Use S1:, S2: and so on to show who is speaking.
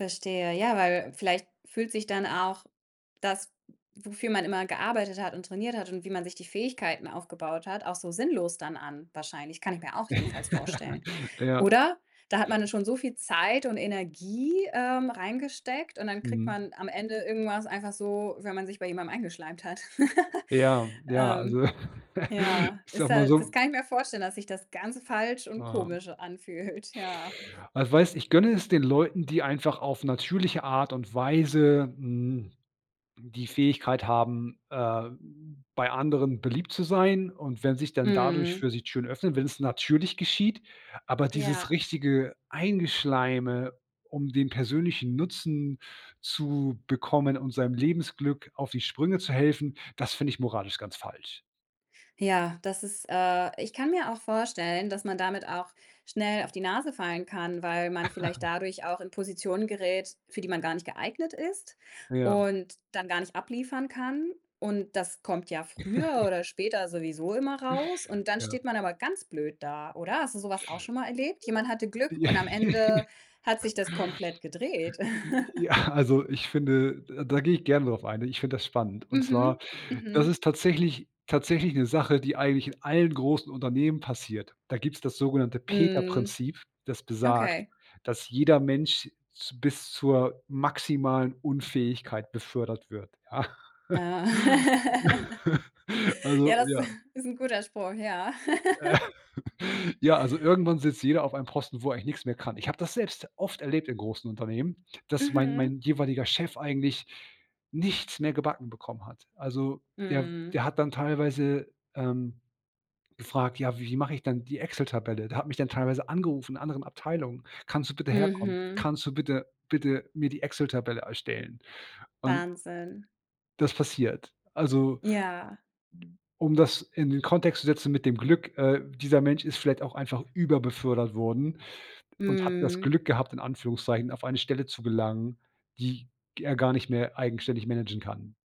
S1: Verstehe. Ja, weil vielleicht fühlt sich dann auch das, w wofür man immer gearbeitet hat und trainiert hat und wie man sich die Fähigkeiten aufgebaut hat, auch so sinnlos dann an wahrscheinlich. Kann ich mir auch jedenfalls vorstellen,
S2: Ja.
S1: oder? Da hat man nun schon so viel Zeit und Energie, ähm, reingesteckt und dann kriegt
S2: Mhm.
S1: man am Ende irgendwas einfach so, wenn man sich bei jemandem eingeschleimt hat.
S2: Ja, ja,
S1: Ähm,
S2: also,
S1: ja,
S2: ich
S1: ist
S2: sage mal
S1: da das
S2: so
S1: kann ich mir vorstellen, dass sich das ganz falsch und
S2: Ah.
S1: komisch anfühlt, ja.
S2: Ah, weißt, ich gönne es den Leuten, die einfach auf natürliche Art und Weise, hm, die Fähigkeit haben, äh, b bei anderen beliebt zu sein und wenn sich dann dadurch
S1: Mhm.
S2: für sie Türen öffnen, wenn's natürlich geschieht, aber dieses
S1: Ja.
S2: richtige Eingeschleime, um den persönlichen Nutzen zu bekommen, um seinem Lebensglück auf die Sprünge zu helfen, das finde ich moralisch ganz falsch.
S1: Ja, das ist, äh ich kann mir auch vorstellen, dass man damit auch schnell auf die Nase fallen kann, weil man vielleicht dadurch auch in Positionen gerät, für die man gar nicht geeignet ist
S2: Ja.
S1: und dann gar nicht abliefern kann und das kommt ja früher oder später sowieso immer raus und dann
S2: Ja.
S1: steht man aber ganz blöd da, oder? Hast du so was auch schon mal erlebt? Jemand hatte Glück und am
S2: Äh.
S1: Ende hat sich das komplett gedreht.
S2: J Ja, also, ich finde d da gehe ich gerne darauf ein. Ich finde das spannend und zwar,
S1: Mhm,
S2: das
S1: mhm.
S2: ist tatsächlich tatsächlich 'ne Sache die eigentlich in allen großen Unternehmen passiert. Da gibt's das sogenannte
S1: Mhm.
S2: Peter-Prinzip, das besagt,
S1: Okay.
S2: dass jeder Mensch z bis zur maximalen Unfähigkeit befördert wird, ja?
S1: Ja, ja,
S2: Also
S1: das
S2: ja.
S1: ist 'n guter Spruch, ja.
S2: Ja, also, irgendwann sitzt jeder auf einem Posten, wo er eigentlich nix mehr kann. Ich habe das selbst oft erlebt in großen Unternehmen, dass mein
S1: Mhm.
S2: mein jeweiliger Chef eigentlich nichts mehr gebacken bekommen hat. Also, der
S1: Mhm.
S2: der hat dann teilweise, ähm, gefragt: „Ja wie mache ich denn die Excel-Tabelle?“ Der hat mich dann teilweise angerufen, in anderen Abteilungen, „kannst du bitte herkommen?
S1: Mhm.
S2: Kannst du bitte bitte mir die Excel-Tabelle erstellen?“ Und
S1: Wahnsinn.
S2: Das passiert, also
S1: Ja.
S2: um das in den Kontext zu setzen mit dem Glück, äh, dieser Mensch ist vielleicht auch einfach über-befördert worden und hat das
S1: Mhm.
S2: Glück gehabt, in Anführungszeichen, auf eine Stelle zu gelangen, die g er gar nicht mehr eigenständig managen kann.